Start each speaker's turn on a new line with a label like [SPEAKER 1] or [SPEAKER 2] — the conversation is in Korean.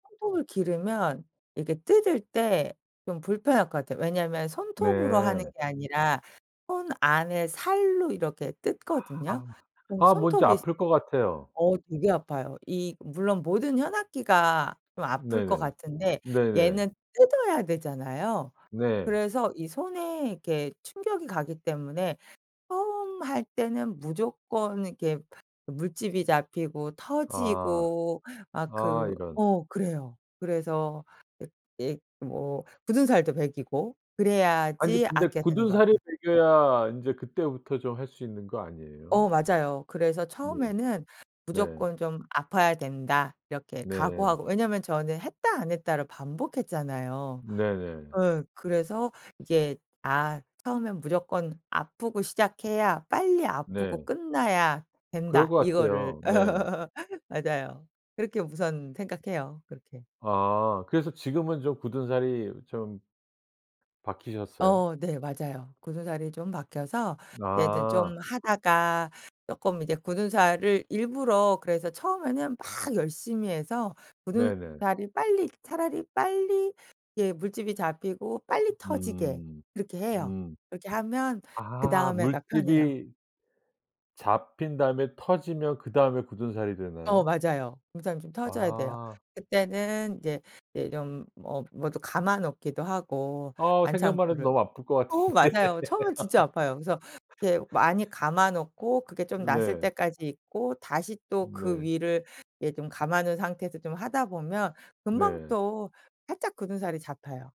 [SPEAKER 1] 손톱을 기르면 이게 뜯을 때 좀 불편할 것 같아요. 왜냐면 손톱으로 하는
[SPEAKER 2] 네.
[SPEAKER 1] 게 아니라 손 안에 살로 이렇게 뜯거든요
[SPEAKER 2] 아아.
[SPEAKER 1] 그럼
[SPEAKER 2] 아 뭔지
[SPEAKER 1] 손톱이
[SPEAKER 2] 아플 것 같아요.
[SPEAKER 1] 어 되게 아파요. 이 물론 모든 현악기가 좀 아플 것
[SPEAKER 2] 네네.
[SPEAKER 1] 같은데
[SPEAKER 2] 네네.
[SPEAKER 1] 얘는 뜯어야 되잖아요.
[SPEAKER 2] 네.
[SPEAKER 1] 그래서 이 손에 이렇게 충격이 가기 때문에 처음 할 때는 무조건 이렇게 물집이 잡히고
[SPEAKER 2] 아.
[SPEAKER 1] 터지고 막
[SPEAKER 2] 아
[SPEAKER 1] 그
[SPEAKER 2] 이런.
[SPEAKER 1] 어 그래요. 그래서 이 이 뭐 굳은살도 배기고
[SPEAKER 2] 아니
[SPEAKER 1] 그래야지
[SPEAKER 2] 근데
[SPEAKER 1] 악기가 되는 것
[SPEAKER 2] 굳은살이
[SPEAKER 1] 같아요.
[SPEAKER 2] 배겨야 인제 그때부터 좀 할 수 있는 거
[SPEAKER 1] 어
[SPEAKER 2] 아니에요?
[SPEAKER 1] 맞아요. 그래서
[SPEAKER 2] 네.
[SPEAKER 1] 처음에는
[SPEAKER 2] 네.
[SPEAKER 1] 무조건 좀 아파야 된다 이렇게
[SPEAKER 2] 네.
[SPEAKER 1] 각오하고 왜냐면 저는 했다 안 했다를 반복했잖아요. 예.
[SPEAKER 2] 네네.
[SPEAKER 1] 어 그래서 이게 '아 처음엔 무조건 아프고 시작해야 빨리 아프고
[SPEAKER 2] 네.
[SPEAKER 1] 끝나야
[SPEAKER 2] 그럴
[SPEAKER 1] 된다.'
[SPEAKER 2] 것
[SPEAKER 1] 이거를
[SPEAKER 2] 같아요, 네.
[SPEAKER 1] 맞아요. 그렇게 우선 생각해요, 그렇게.
[SPEAKER 2] 아. 그래서 지금은 좀 굳은살이 좀 박히셨어요?
[SPEAKER 1] 어 네 맞아요. 굳은살이 좀 박혀서 이제 좀
[SPEAKER 2] 아.
[SPEAKER 1] 하다가 쪼끔 이제 굳은살을 일부러 그래서 처음에는 막 열심히 해서
[SPEAKER 2] 네네.
[SPEAKER 1] 굳은살이 빨리 차라리 빨리 예 물집이 잡히고 빨리 터지게
[SPEAKER 2] 음.
[SPEAKER 1] 그렇게 해요.
[SPEAKER 2] 음.
[SPEAKER 1] 그렇게 하면
[SPEAKER 2] 아
[SPEAKER 1] 그다음에가 편해요.
[SPEAKER 2] 물집이 잡힌 다음에 터지면 그다음에 굳은살이
[SPEAKER 1] 어
[SPEAKER 2] 되나요?
[SPEAKER 1] 맞아요. 굳은살이 좀 터져야 돼요.
[SPEAKER 2] 아.
[SPEAKER 1] 그때는 이제 이제 좀 어 뭐도 감아 놓기도 하고
[SPEAKER 2] 아 생각만 해도
[SPEAKER 1] 반창고를.
[SPEAKER 2] 너무 아플 것
[SPEAKER 1] 어
[SPEAKER 2] 같은데.
[SPEAKER 1] 맞아요. 처음엔 진짜 아파요. 그래서 이렇게 많이 감아 놓고 그게 좀 나았을
[SPEAKER 2] 네.
[SPEAKER 1] 때까지 있고 다시 또 그
[SPEAKER 2] 네.
[SPEAKER 1] 위를 이제 좀 감아 놓은 상태에서 좀 하다 보면 금방
[SPEAKER 2] 네.
[SPEAKER 1] 또 살짝 굳은살이 잡혀요.